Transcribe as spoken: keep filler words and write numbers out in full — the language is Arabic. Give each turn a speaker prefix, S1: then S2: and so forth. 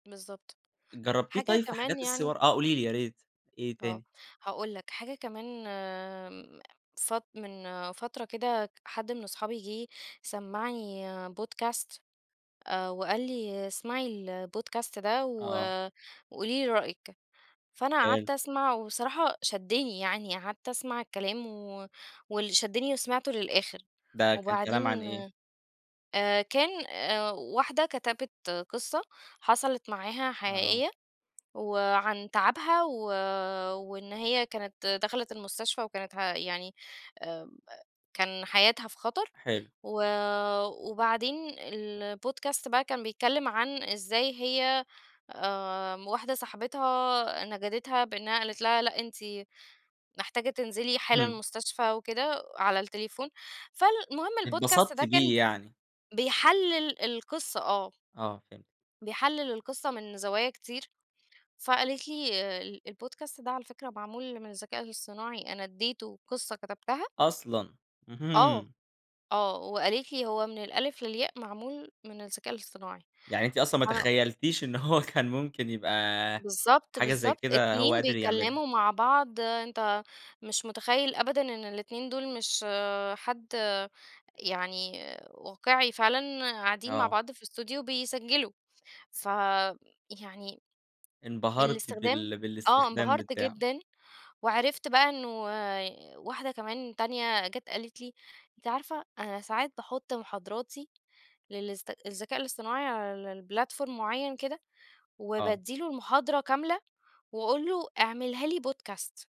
S1: بالضبط
S2: جرّبتيه
S1: حاجة
S2: طيب في
S1: كمان
S2: حاجات
S1: يعني
S2: الصور آه قولي لي يا ريت، إيه
S1: آه
S2: تاني؟
S1: هاقول لك حاجة كمان م صت من فترة كده حد من صحابي جه سمّعني podcast، آآ، وقال لي: "اسمعي الPodcast ده و
S2: آه.
S1: وقولي لي رأيِك"، فأنا قعدت
S2: حلو.
S1: أسمع والصراحة شدّني يعني، قعدت أسمع الكلام و واللي شدّني وسمعته للآخر،
S2: ده كان كلام عن
S1: وبعدين
S2: إيه؟
S1: آآ، كان آآ، واحدة كتبت قصة حصلت معاها
S2: آه.
S1: حقيقية وعن تعبها و وإن هي كانت دخلت المستشفى وكانت ه يعني آمم، كان حياتها في خطر
S2: حلو.
S1: و وبعدين الPodcast بقى كان بيتكلم عن إزاي هي آمم، واحدة صاحبتها نَجَدِتها بإنها قالت لها: "لأ أنتِ محتاجة تنزلي حالًا
S2: إمم.
S1: المستشفى، وكده على التليفون." فالمهم الPodcast
S2: اتبسطتِ
S1: ده
S2: بيه
S1: كان
S2: يعني.
S1: بيحلل القصة، آه.
S2: آه، فهمت.
S1: بيحلل القصة من زوايا كتير، فقالت لي: "الPodcast ده على فكرة معمول من الذكاء الاصطناعي، أنا ادّيته قصة كتبتها"
S2: أصلًا!
S1: آه،
S2: اهم.
S1: آه وقالت لي: "هو من الألف للياء معمول من الذكاء الاصطناعي"،
S2: يعني أنتِ أصلًا ما
S1: أنا قل
S2: تخيّلتيش إن هو كان ممكن يبقى
S1: بالضبط
S2: حاجة زي
S1: بالضبط،
S2: كده هو
S1: اتنين
S2: قادر يعملها.
S1: بيتكلموا مع بعض، أنت مش مُتخيّل أبدًا إن الاتنين دول مش حد يعني واقعي فعلًا قاعدين مع
S2: آه.
S1: بعض في الأستوديو بيسجّلوا، فيعني
S2: انْبَهرتِ
S1: الاستخدام
S2: بال
S1: آه
S2: بالاستخدام
S1: انبهرت
S2: بتاعه.
S1: جدًا، وعرفت بقى إنّه واحدة كمان تانية جات قالت لي: "أنتِ عارفة أنا ساعات باحط مُحاضراتي للذ الذكاء الاصطناعي على الplatform معيّن كده،
S2: آه.
S1: وبادّي له المحاضرة كاملة، وأقول له: "اعملها لي podcast."